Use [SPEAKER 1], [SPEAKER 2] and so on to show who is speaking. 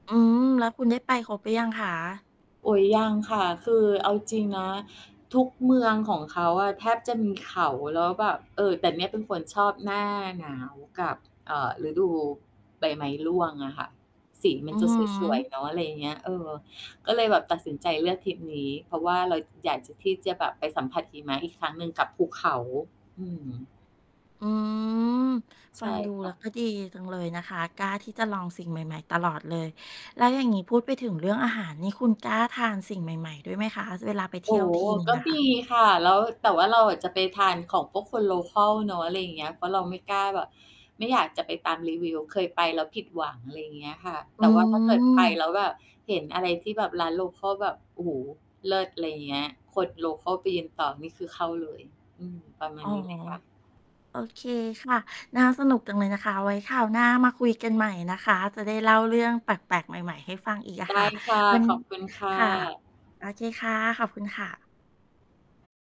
[SPEAKER 1] อ๋อ แล้วคุณได้ไปครบหรือยังคะ?
[SPEAKER 2] โอ๊ย ยังค่ะ คือเอาจริง ๆ นะ ทุกเมืองของเขาอะ แทบจะมีเขา แล้วแบบ เอ่อ แต่เนี่ยเป็นคนชอบหน้าหนาวกับ อ่า ฤดูใบไม้ร่วงอะค่ะ สีมั
[SPEAKER 1] อื
[SPEAKER 2] น
[SPEAKER 1] อ
[SPEAKER 2] จะ
[SPEAKER 1] ฮ
[SPEAKER 2] สวย ๆ
[SPEAKER 1] ึ
[SPEAKER 2] เนาะ อะไรอย่างเงี้ย เออ ก็เลยแบบตัดสินใจเลือกทริปนี้ เพราะว่าเราอยากที่จะแบบไปสัมผัสหิมะอีกครั้งหนึ่งกับภูเขา อืม
[SPEAKER 1] อืม
[SPEAKER 2] ใช
[SPEAKER 1] ฟั
[SPEAKER 2] ่
[SPEAKER 1] งดู
[SPEAKER 2] ค
[SPEAKER 1] แ
[SPEAKER 2] ่
[SPEAKER 1] ล้ว
[SPEAKER 2] ะ
[SPEAKER 1] ก็ดีจังเลยนะคะ กล้าที่จะลองสิ่งใหม่ ๆ ตลอดเลย แล้วอย่างงี้พูดไปถึงเรื่องอาหารนี่ คุณกล้าทานสิ่งใหม่ ๆ ด้วยไหมคะ เวลาไปเท
[SPEAKER 2] โอ
[SPEAKER 1] ี่
[SPEAKER 2] ้
[SPEAKER 1] ยวทีหนึ่
[SPEAKER 2] ก
[SPEAKER 1] ง
[SPEAKER 2] ็
[SPEAKER 1] อะ
[SPEAKER 2] ม
[SPEAKER 1] ค่ะ?
[SPEAKER 2] ีค่ะ แล้ว แต่ว่าเราอะจะไปทานของพวกคน โลคัล เนาะ อะไรอย่างเงี้ย เพราะเราไม่กล้าแบบ ไม่อยากจะไปตามรีวิว เคยไปแล้วผิดหวัง อะไรอย่างเงี้ยค่ะ
[SPEAKER 1] อ
[SPEAKER 2] แ
[SPEAKER 1] ื
[SPEAKER 2] ต่ว่า ถ้าเกิดไป
[SPEAKER 1] ม
[SPEAKER 2] แล้วแบบเห็นอะไรที่แบบร้าน โลคัล แบบ โอ้โฮ เลิศ อะไรอย่างเงี้ย คน โลคัล ไปยืนต่อนี่คือเข้าเลย อืม ประมา
[SPEAKER 1] อ
[SPEAKER 2] ณ
[SPEAKER 1] ๋อ
[SPEAKER 2] นี้เลยค่ะ
[SPEAKER 1] โอเคค่ะ น่าสนุกจังเลยนะคะ เอาไว้คราวหน้ามาคุยกันใหม่นะคะ จะได้เล่าเรื่องแปลก ๆ ใหม่ ๆ ให้ฟังอีกอ
[SPEAKER 2] ไ
[SPEAKER 1] ะ
[SPEAKER 2] ด
[SPEAKER 1] ค
[SPEAKER 2] ้
[SPEAKER 1] ่ะ
[SPEAKER 2] ค่ะ
[SPEAKER 1] วัน
[SPEAKER 2] ขอบคุณค่
[SPEAKER 1] ค่ะ
[SPEAKER 2] ะ
[SPEAKER 1] โอเคค่ะ ขอบคุณค่ะ